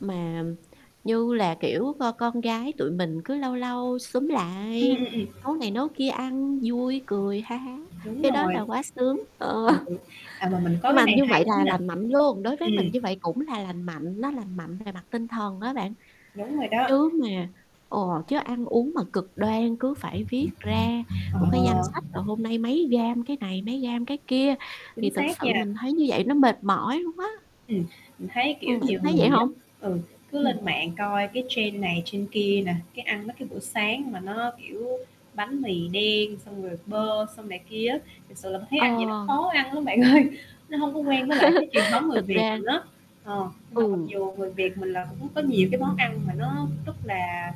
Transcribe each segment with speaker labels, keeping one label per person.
Speaker 1: Mà, ừm, như là kiểu, c con gái tụi mình cứ lâu lâu xúm
Speaker 2: Ừm, ừm,
Speaker 1: lại,
Speaker 2: ừm
Speaker 1: nấu này nấu kia ăn vui cười ha há,
Speaker 2: Đúng
Speaker 1: cái đó là
Speaker 2: rồi.
Speaker 1: quá sướng, ờ.
Speaker 2: Ừ. À, mà mình có
Speaker 1: Nhưng
Speaker 2: cái
Speaker 1: mà
Speaker 2: này
Speaker 1: như
Speaker 2: hay
Speaker 1: vậy
Speaker 2: lắm
Speaker 1: là
Speaker 2: nè.
Speaker 1: lành mạnh luôn, đối với mình
Speaker 2: Ừm.
Speaker 1: như vậy cũng là lành mạnh, nó lành mạnh về mặt tinh thần á bạn.
Speaker 2: Đúng rồi đó.
Speaker 1: Chứ mà ừ, chứ ăn uống mà cực đoan cứ phải viết ra một cái danh
Speaker 2: Ờ.
Speaker 1: sách, à, hôm nay mấy gam cái này mấy gam cái kia, thì
Speaker 2: Chính
Speaker 1: thực
Speaker 2: xác
Speaker 1: sự
Speaker 2: nha.
Speaker 1: mình thấy như vậy nó mệt mỏi luôn quá.
Speaker 2: Ừm, mình thấy, kiểu,
Speaker 1: Ừm, bạn có
Speaker 2: nhiều
Speaker 1: thấy vậy
Speaker 2: người á,
Speaker 1: hông?
Speaker 2: ừ, cứ
Speaker 1: Ừm.
Speaker 2: lên mạng coi cái trend này trend kia nè, cái ăn mấy cái bữa sáng mà nó kiểu bánh mì đen, xong rồi bơ xong này kia á, thật sự là thấy
Speaker 1: Ờ.
Speaker 2: ăn vậy nó khó ăn lắm bạn ơi, nó hông có quen với lại cái truyền thống người
Speaker 1: Thực
Speaker 2: Việt
Speaker 1: ra
Speaker 2: mình á. Ờ, nhưng mà mặc
Speaker 1: ừ.
Speaker 2: dù người Việt mình là cũng có nhiều cái món ăn mà nó rất là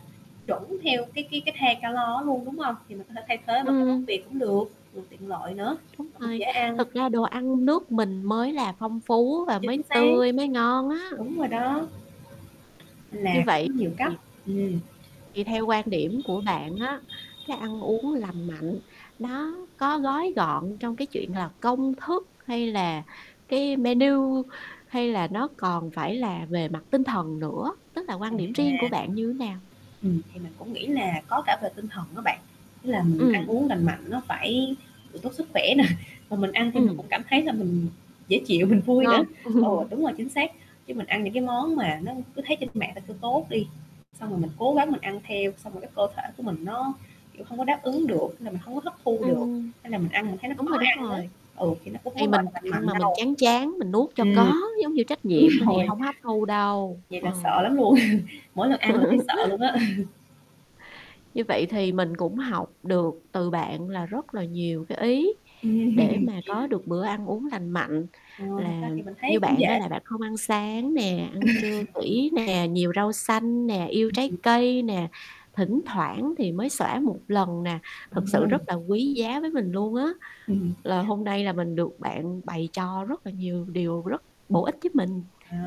Speaker 2: chuẩn theo cái cái cái thang calo á luôn, đúng hông? Thì mình có thể thay thế bằng cái món
Speaker 1: Ừm.
Speaker 2: Việt cũng được, vừa tiện lợi nữa,
Speaker 1: Đúng
Speaker 2: mà cũng
Speaker 1: rồi,
Speaker 2: dễ ăn.
Speaker 1: thực ra đồ ăn nước mình mới là phong phú và mới
Speaker 2: Chính xác,
Speaker 1: tươi mới ngon á.
Speaker 2: đúng rồi đó.
Speaker 1: Như
Speaker 2: Là cũng
Speaker 1: vậy,
Speaker 2: có nhiều cách
Speaker 1: thì
Speaker 2: ừm.
Speaker 1: thì theo quan điểm của bạn á, cái ăn uống lành mạnh nó có gói gọn trong cái chuyện là công thức hay là cái menu, hay là nó còn phải là về mặt tinh thần nữa, tức là quan điểm riêng của
Speaker 2: À.
Speaker 1: bạn như nào?
Speaker 2: Ừm, thì mình cũng nghĩ là có cả về tinh thần đó bạn, ý là mình ăn
Speaker 1: Ừm.
Speaker 2: uống lành mạnh nó phải tốt sức khỏe nè, mà mình ăn thì mình cũng
Speaker 1: Ừm.
Speaker 2: cảm thấy là mình dễ chịu mình vui nữa.
Speaker 1: Ngon.
Speaker 2: Ờ, đúng rồi, chính xác, chứ mình ăn những cái món mà nó cứ thấy trên mạng ta kêu tốt đi, xong rồi mình cố gắng mình ăn theo, xong rồi cái cơ thể của mình nó, kiểu, hông có đáp ứng được, là mình hông có hấp thu được,
Speaker 1: Ừm,
Speaker 2: hay là mình ăn mình thấy nó
Speaker 1: đúng
Speaker 2: khó
Speaker 1: rồi, đúng
Speaker 2: ăn á,
Speaker 1: rồi,
Speaker 2: ừ, thì nó cũng hông
Speaker 1: thì
Speaker 2: có,
Speaker 1: mình
Speaker 2: gọi là, lành
Speaker 1: ăn
Speaker 2: mạnh
Speaker 1: mà mình
Speaker 2: đâu.
Speaker 1: chán chán mình nuốt cho
Speaker 2: Ừm.
Speaker 1: có, giống như trách
Speaker 2: Đúng
Speaker 1: nhiệm á, thì
Speaker 2: rồi.
Speaker 1: hông hấp thu đâu,
Speaker 2: Vậy là
Speaker 1: ờ.
Speaker 2: sợ lắm luôn, mỗi lần ăn là thấy sợ luôn á.
Speaker 1: Như vậy thì mình cũng học được từ bạn là rất là nhiều cái ý, để mà có được bữa ăn uống lành mạnh,
Speaker 2: Ờ, thật
Speaker 1: là
Speaker 2: ra thì mình
Speaker 1: như
Speaker 2: thấy cũng
Speaker 1: bạn á,
Speaker 2: dễ.
Speaker 1: là bạn không ăn sáng nè,
Speaker 2: Ừ.
Speaker 1: ăn trưa kỹ nè, nhiều rau xanh nè, yêu
Speaker 2: Ừm,
Speaker 1: trái
Speaker 2: ừm.
Speaker 1: cây nè, thỉnh thoảng thì mới xõa một lần nè, thực sự rất là quý giá với mình luôn á.
Speaker 2: Ừm.
Speaker 1: Là hôm nay là mình được bạn bày cho rất là nhiều điều rất bổ ích giúp mình,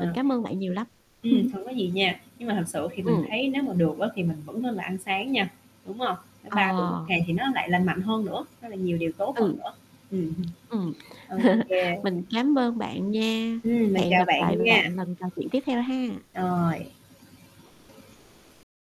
Speaker 1: mình cảm ơn bạn nhiều lắm.
Speaker 2: Ừm,
Speaker 1: Ừm.
Speaker 2: hông có gì nha, nhưng mà thực sự thì mình
Speaker 1: Ừm.
Speaker 2: thấy nếu mà được á thì mình vẫn nên là ăn sáng nha, đúng hông? Nếu 3 bữa 1
Speaker 1: Ờ.
Speaker 2: ngày thì nó lại lành mạnh hơn nữa, nó lại nhiều điều tốt hơn
Speaker 1: Ừ.
Speaker 2: nữa. Ừm hưm.
Speaker 1: Ừm.
Speaker 2: Ô kê.
Speaker 1: Mình cám ơn bạn nha,
Speaker 2: Ừm, mình
Speaker 1: hẹn
Speaker 2: chào
Speaker 1: gặp lại
Speaker 2: bạn nha.
Speaker 1: bạn lần trò chuyện tiếp theo ha.
Speaker 2: Rồi.